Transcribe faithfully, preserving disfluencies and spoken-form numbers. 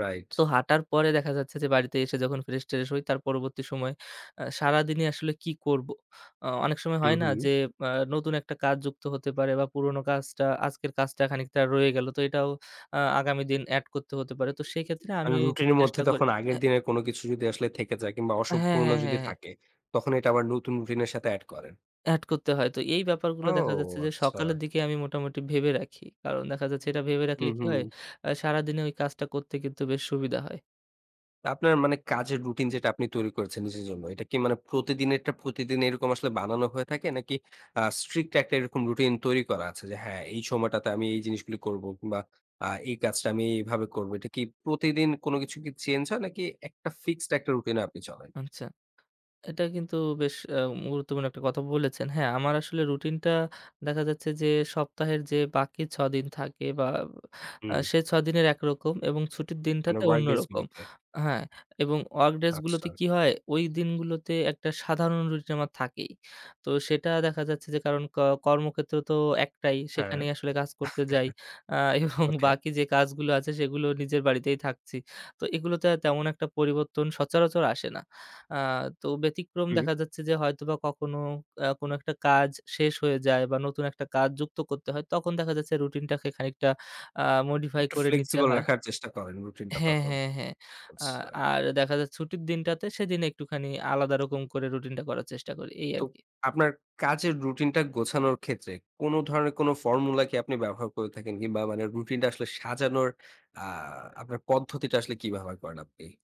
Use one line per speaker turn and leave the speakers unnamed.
Right.
তো হাঁটার পরে দেখা যাচ্ছে যে, বাড়িতে এসে যখন ফ্রেশ-ট্রেশ হয় তার পরবর্তী সময় এ্যাঁ সারাদিনই আসলে কি করব। এ্যাঁ অনেক সময়
হুম,
হয় না,
হুম।
যে এ্যাঁ নতুন একটা কাজ যুক্ত হতে পারে বা পুরনো কাজটা আজকের কাজটা খানিকটা রয়ে গেল। তো এটাও এ্যাঁ আগামী দিন এড করতে হতে পারে। তো সেক্ষেত্রে আমি
কারন রুটিন এর মধ্যে
চেষ্টা করি
তখন আগের
এ্যাঁ
দিনের কোন কিছু যদি আসলে থেকে যায়, কিংবা
হ্যাঁ,
অসম্পূর্ণ
হ্যাঁ,
যদি
হ্যাঁ, হ্যাঁ।
থাকে, তখন এটা আবার নতুন রুটিন এর সাথে এড করেন।
এড করতে হয়। তো এই ব্যাপারগুলো
ও
দেখা যাচ্ছে যে, সকালের
আচ্ছা।
দিকে আমি মোটামুটি ভেবে রাখি। কারণ দেখা যাচ্ছে এটা ভেবে রাখলে
হুম,
কি হয়
হুম।
এ্যাঁ সারাদিনে ওই কাজটা করতে কিন্তু বেশ সুবিধা হয়।
আপনার মানে কাজের রুটিন যেটা আপনি তৈরি করেছেন নিজের জন্য। এটা কি মানে প্রতিদিনেরটা প্রতিদিন এরকম আসলে বানানো হয়ে থাকে নাকি, এ্যাঁ strict একটা এরকম রুটিন তৈরি করা আছে, যে হ্যাঁ এই সময়টাতে আমি এই জিনিসগুলো করব কিংবা এ্যাঁ এই কাজটা আমি এইভাবে করবো। এটা কি প্রতিদিন কোন কিছু চেঞ্জ হয় নাকি একটা ফিক্সড একটা রুটিন-এ আপনি চলেন?
আচ্ছা। এটা কিন্তু বেশ এ্যাঁ গুরুত্বপূর্ণ একটা কথা বলেছেন। হ্যাঁ আমার আসলে রুটিনটা, দেখা যাচ্ছে যে সপ্তাহের যে বাকি ছ দিন থাকে বা, এ্যাঁ
হুম।
সে ছদিনের একরকম এবং ছুটির
মানে,
দিনটাতে
ওয়ার্ক
অন্য
ডেস
রকম।
গুলোতে।
হ্যাঁ এবং work days গুলোতে
আচ্ছা।
কি হয় ওই দিনগুলোতে একটা সাধারণ রুটিন আমার থাকেই। তো সেটা দেখা যাচ্ছে যে ক কর্মক্ষেত্র তো একটাই।
হ্যাঁ।
সেখানেই আসলে কাজ করতে যাই এ্যাঁ এবং
ওকে।
বাকি যে কাজগুলো আছে সেগুলো নিজের বাড়িতেই থাকছি। তো এগুলোতে তেমন একটা পরিবর্তন সচরাচর আসে না। এ্যাঁ তো ব্যতিক্রম
হম।
দেখা যাচ্ছে যে হয়তোবা কখনো এ্যাঁ কোন একটা কাজ শেষ হয়ে যায় বা নতুন একটা কাজ যুক্ত করতে হয় তখন দেখা যাচ্ছে রুটিন টাকে খানিকটা এ্যাঁ modify
একটু
করে নিতে
flexible
হয়।
রাখার চেষ্টা করেন রুটিন টা
হ্যাঁ,
তখন।
হ্যাঁ, হ্যাঁ। এ্যাঁ
আচ্ছা।
আর দেখা যায় ছুটির দিনটাতে সেদিন একটুখানি আলাদা রকম করে রুটিন টা করার চেষ্টা করি। এই
তো,
আরকি।
আপনার কাজের রুটিন টা গোছানোর ক্ষেত্রে, কোন ধরনের কোন formula কি আপনি ব্যবহার করে থাকেন কিংবা মানে রুটিন টা আসলে সাজানোর এ্যাঁ আপনার পদ্ধতিটা আসলে কী ব্যবহার করেন আপনি?